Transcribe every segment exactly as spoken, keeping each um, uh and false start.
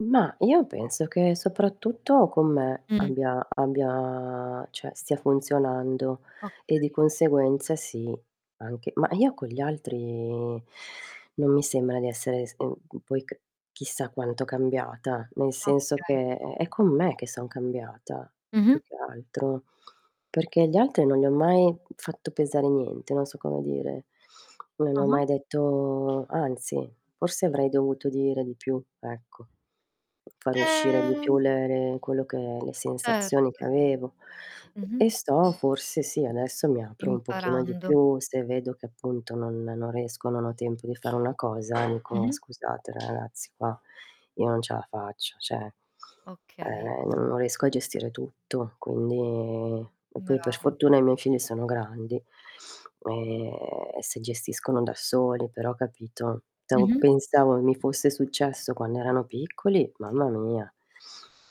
Mah, io penso che soprattutto con me Mh. abbia abbia ceh, stia funzionando, e di Okay. conseguenza sì, anche ma io con gli altri non mi sembra di essere s mhmm, poi c chissà quanto cambiata, nel senso Okay. che è è con me che son cambiata Mh-mh. più che altro, perché gli altri non gli ho mai fatto pesare niente, non so come dire. Non gli ho Ah-ah. mai detto anzi forse avrei dovuto dire di più, ecco, fare uscire di più Ehm le re quello che le sensazioni che Certo. avevo. Mh-mh. E sto forse sì, adesso mi apro un pochino di Imparando. più, se vedo che appunto non non riesco, o non ho tempo di fare una cosa, dico: Mh-mh. "Scusate ra-ragazzi, qua io non ce a faccio", ceh Okay. eh, n non riesco a gestire tutto, quindi e poi Bra per fortuna i miei figli sono grandi e e si gestiscono da soli, però capito? To Mh-mh. pensavo mi fosse successo quando erano piccoli, Sì. mamma mia.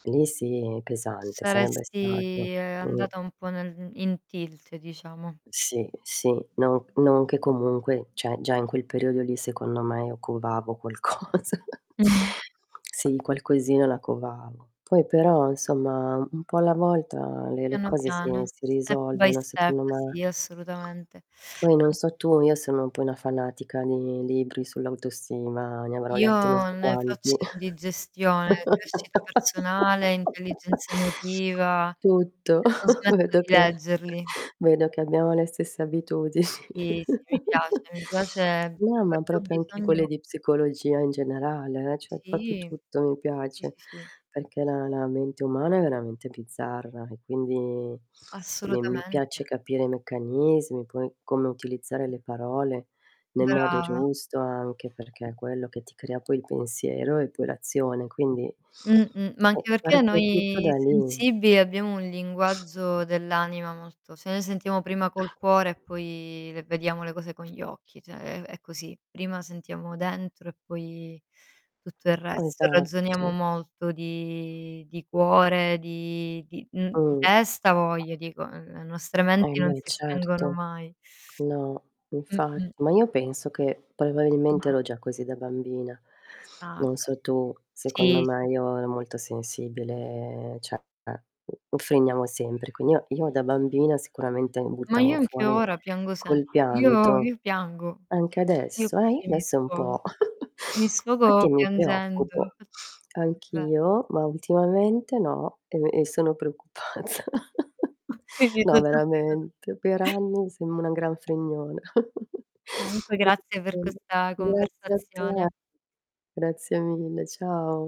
Lì sì, pesante sarebbe stato. Saresti, uhm, Mh. andata un po' nel in tilt, diciamo. Sì, sì, non c non che comunque ceh, già in quel periodo lì secondo me io covavo qualcosa. Mh-mh. Sì, qualcosina la covavo. Poi però, insomma, un po' alla volta le le Piano cose si piano, si step by risolvono, step, secondo me. sì, assolutamente. Poi non An so tu, io sono un po' una fanatica di libri sull'autostima, ne avrò letti non Io so ne faccio quanti. indigestione, crescita personale, intelligenza emotiva Tutto, e non smetto vedo di che leggerli. vedo che abbiamo le stesse abitudini. Sì, sì, mi piace, mi piace proprio No, ma perchè ho propio anche quelle bisogno di psicologia in generale, eh, cioè popio Sì, tutto mi sì, piace, sì, sì. peché la la mente umana è veramente bizzarra, e quindi mi mi piace Assolutamente. capire i meccanismi, poi, come utilizzare le parole nel modo Brava. giusto anche, perché è quello che ti crea poi il pensiero e poi l'azione, quindi Mh-mh. Ma eh, anche perché parte tutto noi da lì. sensibili abbiamo un linguaggio dell'anima molto ceh noi sentiamo prima col cuore, e poi le vediamo le cose con gli occhi, ceh è è è così. Prima sentiamo dentro, e poi tutto il resto, e ragione Esatto. molto di di cuore, di di mhmm, di Mh. testa avoja, dico, ehm, le nostre Eh menti non beh, si spengono certo. mai. No, infa Mh-mh. ma io penso che probabilmente Mh-mh. ero già così da bambina. Ah, Non certo. so tu, secondo Sì, me, sì. io ero molto sensibile, ceh, eh, mhmm, offendiamo sempre, qui oh, io da bambina sicuramente mi Ma buttavo io anche fuori ora piango sempre. col Io pianto. io piango, Anche io adesso, eh, io così mi adesso un sfogo. po'. Mi Fatti sfogo mi piangendo. preoccupo. Infa Davve Anch'io, ma ultimamente no, e e sono preoccupata. Ma, [unintelligible] veramente, per anni sembro una gran fregnona. Comunque grazie per [unintelligible] questa Grazie a te. conversazione. Grazie mille, ciao.